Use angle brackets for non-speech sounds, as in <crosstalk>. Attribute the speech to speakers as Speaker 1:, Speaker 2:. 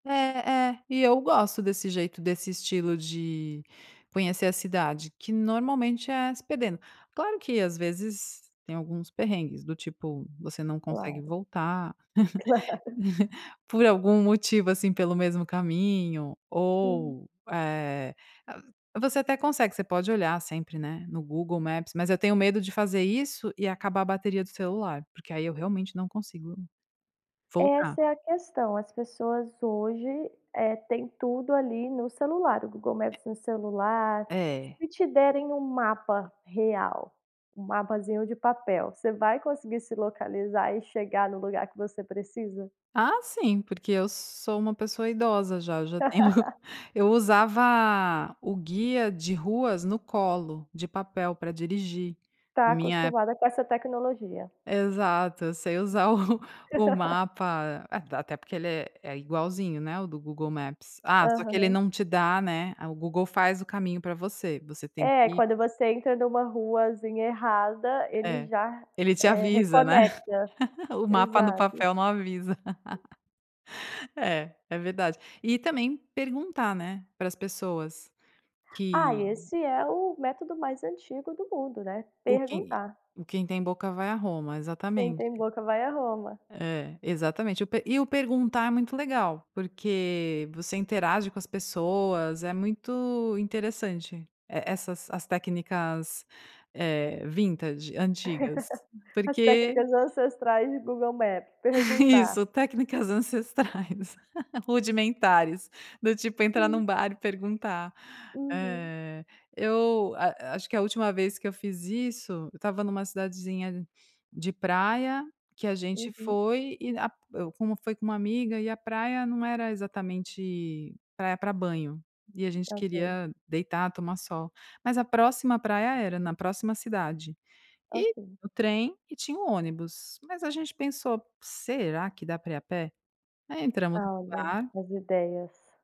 Speaker 1: É, é, e eu gosto desse jeito, desse estilo de conhecer a cidade, que, normalmente, é se perdendo. Claro que, às vezes, tem alguns perrengues, do tipo, você não consegue
Speaker 2: Claro.
Speaker 1: voltar,
Speaker 2: Claro. <laughs>
Speaker 1: <laughs> por algum motivo assim pelo mesmo caminho
Speaker 2: Uhum.
Speaker 1: ou, eh, você até consegue, você pode olhar sempre, né, no Google Maps, mas eu tenho medo de fazer isso e acabar a bateria do celular, porque aí eu, realmente, não consigo voltar.
Speaker 2: Essa é a questão, as pessoas hoje, eh, têm tudo ali no celular, o Google
Speaker 1: É.
Speaker 2: Maps no celular,
Speaker 1: É.
Speaker 2: se te derem um mapa real, um mapazinho de papel, você vai conseguir se localizar e chegar no lugar que você precisa?
Speaker 1: Ah sim, porque eu sou uma pessoa idosa já, já tenho <chuckles>
Speaker 2: <laughs>
Speaker 1: eu usava o guia de ruas no colo, de papel, pra dirigir,
Speaker 2: Está
Speaker 1: minha
Speaker 2: acostumada com essa tecnologia.
Speaker 1: Exato, eu sei usar o <laughs> o
Speaker 2: <laughs>
Speaker 1: mapa, até porque ele é é igualzinho, né, o do Google Maps, ah, só que ele
Speaker 2: Aham.
Speaker 1: não te dá, né, o Google faz o caminho pra você você tem
Speaker 2: É,
Speaker 1: que
Speaker 2: quando você entra numa ruazinha errada, ele
Speaker 1: É,
Speaker 2: já,
Speaker 1: ele te
Speaker 2: eh,
Speaker 1: avisa, né,
Speaker 2: reconecta,
Speaker 1: <laughs> o mapa no
Speaker 2: exato.
Speaker 1: papel não avisa, <laughs> É, é verdade, e também perguntar, né, para as pessoas
Speaker 2: Ah,
Speaker 1: que
Speaker 2: esse é o método mais antigo do mundo, né,
Speaker 1: O quem
Speaker 2: perguntar.
Speaker 1: quem tem boca vai a Roma,
Speaker 2: Quem
Speaker 1: exatamente.
Speaker 2: tem boca vai à Roma.
Speaker 1: É, exatamente eu pe e o perguntar, é muito legal, porque você interage com as pessoas é muito interessante e essas as técnicas, eh, vintage, antigas,
Speaker 2: <chuckles> As
Speaker 1: porque
Speaker 2: técnicas ancestrais e o Google Maps,
Speaker 1: <laughs>
Speaker 2: perguntar.
Speaker 1: Isso técnicas ancestrais, <laughs> rudimentares, do tipo, entrar
Speaker 2: Hum.
Speaker 1: num bar e perguntar.
Speaker 2: Uhum.
Speaker 1: Eh, eu a acho que a última vez que eu fiz isso, eu estava numa cidadezinha de praia, que a gente
Speaker 2: Uhum.
Speaker 1: foi e a p eu como foi com um amiga e a praia não era exatamente praia pra banho, e a gente
Speaker 2: Tá okay.
Speaker 1: queria deitar tomar sol, mas a próxima praia era, na próxima cidade e
Speaker 2: Okay.
Speaker 1: o trem, e tinha um ônibus, mas a gente pensou: “Será, que dá pra ir a pé?”. Aí entramos no
Speaker 2: Ah olha,
Speaker 1: bar
Speaker 2: as ideias.